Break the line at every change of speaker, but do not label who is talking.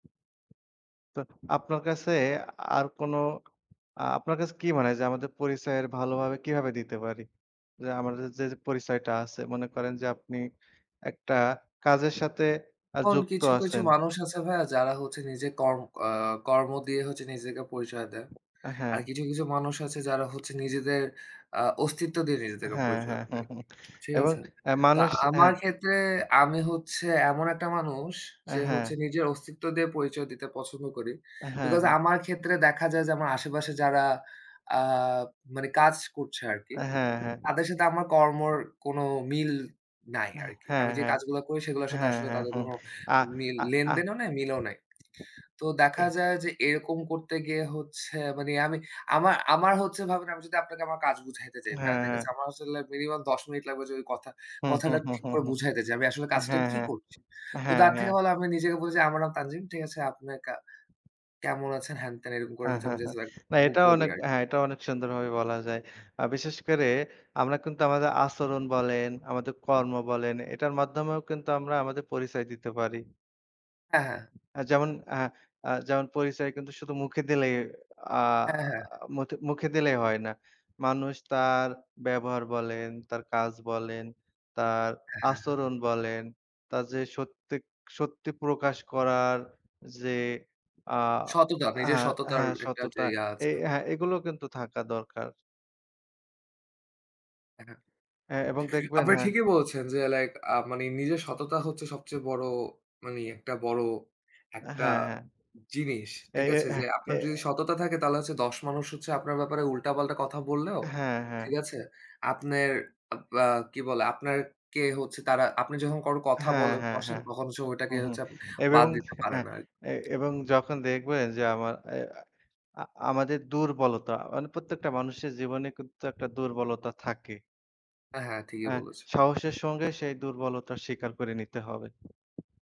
তো আপনার কাছে আর কোনো, আপনার কাছে কি মানে হয়, যে, আমাদের পরিচয়ের ভালোভাবে কিভাবে দিতে পারি? যে, আমাদের যে, পরিচয়টা আছে, মনে করেন যে, আপনি একটা কাজের সাথে আ
এখন
যুক্ত
কিছু, কিছু
আছেন।
মানুষ আছে ভাইয়া যারা হচ্ছে, নিজের কর আ কর্ম দিয়ে হচ্ছে নিজেকে পরিচয় দেয়।
আ
আর
হ্যাঁ।
কিছুম কিছু মানুষ আছে যারা হচ্ছে নিজেদের আ অস্তিত্ব দিয়ে, নিজেদেরকে
হ্যাঁ,
পরিচয়
হ্যাঁ।
দেয় আরকি। ঠিক
এবং
আছে?
এ
তো
মানুষ অ্যা
আমার ক্ষেত্রে আমি হচ্ছে এমন একটা মানুষ
অ্যা
যে,
হ্যাঁ।
হচ্ছে নিজের অস্তিত্ব দিয়ে পরিচয় দিতে পছন্দ করি।
অ্যা হ্যাঁ,
বিকজ
হ্যাঁ।
আমার ক্ষেত্রে দেখা যায় যে, আমার আশেপাশে যারা আ মানে কাজ করছে আরকি।
অ্যা হ্যাঁ, হ্যাঁ।
তাদের সাথে আমার কর্মর কোন মিল নাই
অ্যাহ
আরকি।
হ্যাঁ,
আমি যে,
হ্যাঁ।
কাজগুলা করি সেগুলোর সাথে
হ্যাঁ,
আসলে
হ্যাঁ,
তাদের
হুম।
কোন
আ
মিল,
আ আ
লেনদেনও নাই, মিলও নাই। তো দেখা
তে
যায় যে, এরকম করতে গিয়ে হচ্ছে মানে আমি, আমার, আমার হচ্ছে ভাবেন, আমি যদি আপনাকে আমার কাজ বুঝাইতে যাই ভাইয়া,
হ্যাঁ,
ঠিক
হ্যাঁ।
আছে? আমার আসলে মিনিমাম ১০ মিনিট লাগবে যদি কথা,
হু, হু,
কথাটা
হু,
ঠিক
হু,
করে
হুম।
বুঝাইতে চাই, আমি আসলে
অ্যা
কাজটা
হ্যাঁ,
কি
হ্যাঁ।
করছি? তো
হ্যাঁ,
তার থেকে
হ্যাঁ।
ভালো আমি নিজে গিয়ে বলি যে, "আমার নাম তানজিম," ঠিক আছে? "আপনি কা কেমন আছেন?" হ্যান-ত্যান এরকম করে
হ্যাঁ, হ্যাঁ,
আমি জাস্ট
হ্যাঁ।
লাইক
না
ব
এটাও
বলি
অনেক,
আরকি।
হ্যাঁ, এটাও অনেক সুন্দরভাবে বলা যায়। আ বিশেষ করে আমরা কিন্তু আমাদের আচরণ বলেন, আমাদের কর্ম বলেন, এটার মাধ্যমেও কিন্তু আমরা আমাদের পরিচয় দিতে পারি
হ্যাঁ, হ্যাঁ।
যেমন, হ্যাঁ, আ যেমন পরিচয় কিন্তু শুধু মুখে দিলেই আ
হ্যাঁ, হ্যাঁ।
মুথে, মুখে দিলেই হয় না। মানুষ তার ব্যবহার বলেন, তার কাজ বলেন, তার
হ্যাঁ, হ্যাঁ, হ্যাঁ।
আচরণ বলেন, তার যে, সত্যি, সত্যি প্রকাশ করার যে, আ
সততা, নিজের
হ্যাঁ,
সততার
হ্যাঁ,
একটা যে,
সততা
ইয়া
এই
আছে।
হ্যাঁ, এগুলো কিন্তু থাকা দরকার।
হ্যা।
হ্যাঁ, এবং দেখবেন
আপনি
হ্যাঁ।
ঠিকই বলছেন যে, লাইক আ মানে নিজের সততা হচ্ছে সবচেয়ে বড় মানে একটা বড় একটা
হ্যাঁ, হ্যাঁ।
জিনিস,
এ,
ঠিক
এ
আছে?
হ্যাঁ,
যে,
এ
আপনার যদি সততা থাকে তাহলে হচ্ছে ১০ মানুষ হচ্ছে আপনার ব্যাপারে উল্টা-পাল্টা কথা বললেও,
হ্যাঁ, হ্যাঁ।
ঠিক আছে? আপ্নের আ বা কি বলে? আপ্নের কে হচ্ছে তারা আপনি যখন কোনো কথা
হ্যাঁ,
বলে
হ্যাঁ,
বসেন,
হ্যাঁ।
তখন সময়টাকে
উমহুম।
হচ্ছে আপনে
এবং
বাদ দিতে
এ
পারেন আর
এ এবং যখন দেখবেন যে, আমার এ আ আমাদের দুর্বলতা, মানে প্রত্যেকটা মানুষের জীবনে কিন্তু একটা দুর্বলতা থাকে
হ্যাঁ, ঠিকই
হ্যাঁ,
বলেছ।
সহসের সঙ্গে সেই দুর্বলতার স্বীকার করে নিতে হবে।